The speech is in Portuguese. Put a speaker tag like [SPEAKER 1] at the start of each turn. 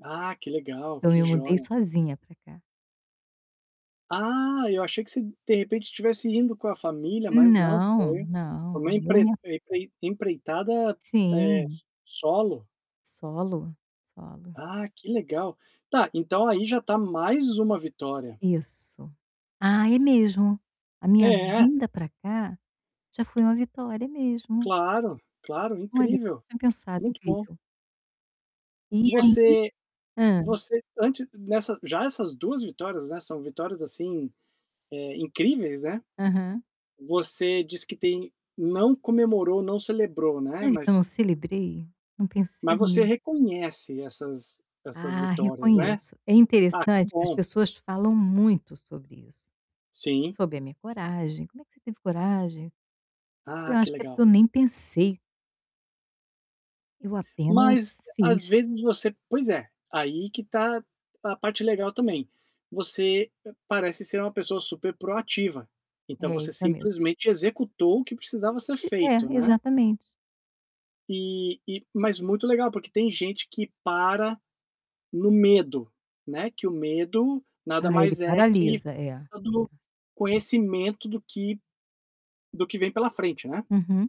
[SPEAKER 1] Ah, que legal,
[SPEAKER 2] Eu
[SPEAKER 1] que
[SPEAKER 2] me mudei
[SPEAKER 1] joia.
[SPEAKER 2] sozinha para cá.
[SPEAKER 1] Ah, eu achei que vocêm de repentem tivesse indo com a família, mas não,
[SPEAKER 2] Não,
[SPEAKER 1] foi foi
[SPEAKER 2] não,
[SPEAKER 1] uma
[SPEAKER 2] eu
[SPEAKER 1] empre
[SPEAKER 2] me
[SPEAKER 1] em em empreitada, eh,
[SPEAKER 2] Sim.
[SPEAKER 1] s solo.
[SPEAKER 2] Solo, solo.
[SPEAKER 1] Ah, que legal. Tá, então aí já está mais uma vitória.
[SPEAKER 2] Isso. Ah, é mesmo. A minha
[SPEAKER 1] É.
[SPEAKER 2] vinda para cá, já foi uma vitória. É mesmo.
[SPEAKER 1] Claro, claro,
[SPEAKER 2] Olha,
[SPEAKER 1] incrível.
[SPEAKER 2] não tinha pensado,
[SPEAKER 1] Muito bom.
[SPEAKER 2] incrível. E aí
[SPEAKER 1] Você
[SPEAKER 2] hã.
[SPEAKER 1] você antes nessa já essas 2 vitórias, né, são vitórias assim, eh, incríveis, né.
[SPEAKER 2] Aham.
[SPEAKER 1] Você diz que tem não comemorou, não celebrou, né,
[SPEAKER 2] Sabe que eu
[SPEAKER 1] mas
[SPEAKER 2] não celebrei? Não pensei
[SPEAKER 1] Mas você
[SPEAKER 2] nisso.
[SPEAKER 1] reconhece essas essas
[SPEAKER 2] Ah,
[SPEAKER 1] vitórias, né,
[SPEAKER 2] reconheço. É
[SPEAKER 1] ah, que
[SPEAKER 2] interessante que as
[SPEAKER 1] bom.
[SPEAKER 2] pessoas falam muito sobre isso.
[SPEAKER 1] Sim.
[SPEAKER 2] Sobre a minha coragem, "Como é que você teve coragem?" Eu
[SPEAKER 1] Ah,
[SPEAKER 2] acho
[SPEAKER 1] que
[SPEAKER 2] que é
[SPEAKER 1] legal.
[SPEAKER 2] porque eu nem pensei. Eu
[SPEAKER 1] Mas
[SPEAKER 2] apenas
[SPEAKER 1] às
[SPEAKER 2] fiz.
[SPEAKER 1] vezes você pois é, aí que está a parte legal também. Você parece ser uma pessoa super proativa. Então
[SPEAKER 2] É,
[SPEAKER 1] você
[SPEAKER 2] isso é mesmo.
[SPEAKER 1] simplesmente executou o que
[SPEAKER 2] Não
[SPEAKER 1] precisava ser
[SPEAKER 2] ti
[SPEAKER 1] feito,
[SPEAKER 2] É,
[SPEAKER 1] né.
[SPEAKER 2] exatamente.
[SPEAKER 1] E e mas muito legal, porque tem gente que para no medo, né, que o medo nada
[SPEAKER 2] Ah, ele
[SPEAKER 1] mais é que a
[SPEAKER 2] paralisa, é.
[SPEAKER 1] falta do conhecimento do que do que vem pela frente, né.
[SPEAKER 2] Uhum.